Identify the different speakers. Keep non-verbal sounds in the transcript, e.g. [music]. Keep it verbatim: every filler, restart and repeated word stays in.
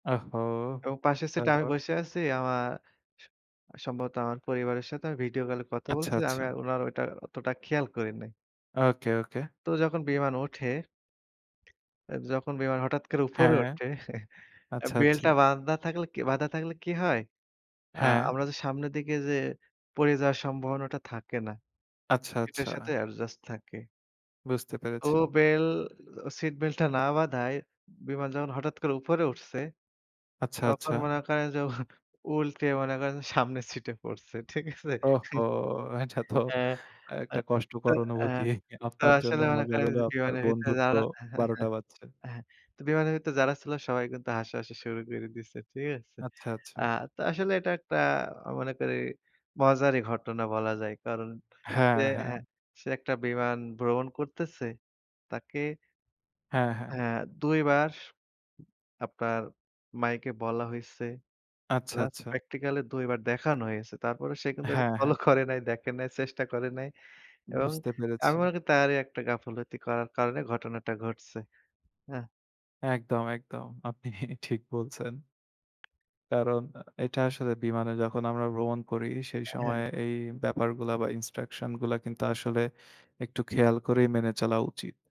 Speaker 1: আহহো!
Speaker 2: এবং পাশের সিটে আমি
Speaker 1: তারপর?
Speaker 2: বসে আছি। আমার স সম্ভবত আমার পরিবারের সাথে আমি ভিডিও কল এ কথা
Speaker 1: আচ্ছা,
Speaker 2: বলছি। আমি
Speaker 1: আচ্ছা।
Speaker 2: আর উনার ওইটা অতটা খেয়াল করি নাই।
Speaker 1: ওকে, ওকে।
Speaker 2: তো যখন বিমান ওঠে [smacks lips] এ যখন বিমান হঠাৎ করে
Speaker 1: হ্যাঁ,
Speaker 2: উপরে
Speaker 1: হ্যাঁ, হ্যাঁ।
Speaker 2: উঠে [chuckles] অ্যা
Speaker 1: আচ্ছা, আচ্ছা।
Speaker 2: বেল্টটা বান্ধা থাকলে কি বাধা থাকলে কি হয়, আ
Speaker 1: হ্যাঁ।
Speaker 2: আমরা যে সামনের দিকে যে পড়ে যাওয়ার সম্ভাবনাটা থাকে না।
Speaker 1: আচ্ছা,
Speaker 2: সিট এর
Speaker 1: আচ্ছা।
Speaker 2: সাথে অ্যাডজাস্ট থাকে।
Speaker 1: বুঝতে
Speaker 2: তো
Speaker 1: পেরেছি।
Speaker 2: বেল সিট বেল্টটা না বাঁধায়, বিমান যখন হঠাৎ করে উপরে উঠছে।
Speaker 1: আচ্ছা,
Speaker 2: তখন
Speaker 1: আচ্ছা।
Speaker 2: মনে করেন যে উল্টে মনে করেন যে সামনের সিটে পড়ছে, ঠিক আছে?
Speaker 1: ওহহো! এটা তো
Speaker 2: হ্যাঁ।
Speaker 1: অ্যা
Speaker 2: অ্যা
Speaker 1: একটা
Speaker 2: তো
Speaker 1: কষ্টকর
Speaker 2: আ
Speaker 1: অনুভূতি।
Speaker 2: তো
Speaker 1: আপনার জন্য
Speaker 2: আসলে মনে
Speaker 1: মজার
Speaker 2: করেন
Speaker 1: হলেও
Speaker 2: যে
Speaker 1: আপনার
Speaker 2: বিমানের ভিতরে
Speaker 1: বন্ধুরতো
Speaker 2: যারা [chuckles] হ্যাঁ,
Speaker 1: বারোটা টা বাজছে।
Speaker 2: হ্যাঁ। তো বিমানের ভিতরে যারা ছিল সবাই কিন্তু হাসাহাসি শুরু করে দিছে, ঠিক আছে?
Speaker 1: আচ্ছা, আচ্ছা।
Speaker 2: আ তো আসলে এটা একটা আ মনে করি মজারই ঘটনা বলা যায়। কারণ
Speaker 1: হ্যাঁ,
Speaker 2: সে হ্যাঁ
Speaker 1: হ্যাঁ।
Speaker 2: সে একটা বিমান ভ্রমণ করতেছে। তাকে
Speaker 1: হ্যাঁ, হ্যাঁ।
Speaker 2: হ্যাঁ দুই বার আপনার মাইকে বলা হইছে।
Speaker 1: আচ্ছা,
Speaker 2: প্লাস
Speaker 1: আচ্ছা।
Speaker 2: প্র্যাকটিক্যাল এ দুই বার দেখানো হয়েছে। তারপরেও সে কিন্তু এটা
Speaker 1: হ্যাঁ, হ্যাঁ।
Speaker 2: ফলো করে নাই, দেখে নাই, চেষ্টা করে নাই। এবং
Speaker 1: বুঝতে
Speaker 2: আমি
Speaker 1: পেরেছি।
Speaker 2: মনে করি তারই একটা গাফিলতি করার কারণে ঘটনাটা ঘটছে, হ্যাঁ।
Speaker 1: একদম, একদম। আপনি ঠিক বলছেন। কারণ এটা আসলে বিমানে যখন আমরা ভ্রমণ করি, সেই
Speaker 2: আ হ্যাঁ।
Speaker 1: সময়ে এই ব্যাপারগুলা বা ইন্সট্রাকশন গুলা কিন্তু আসলে একটু খেয়াল করেই মেনে চলা উচিত।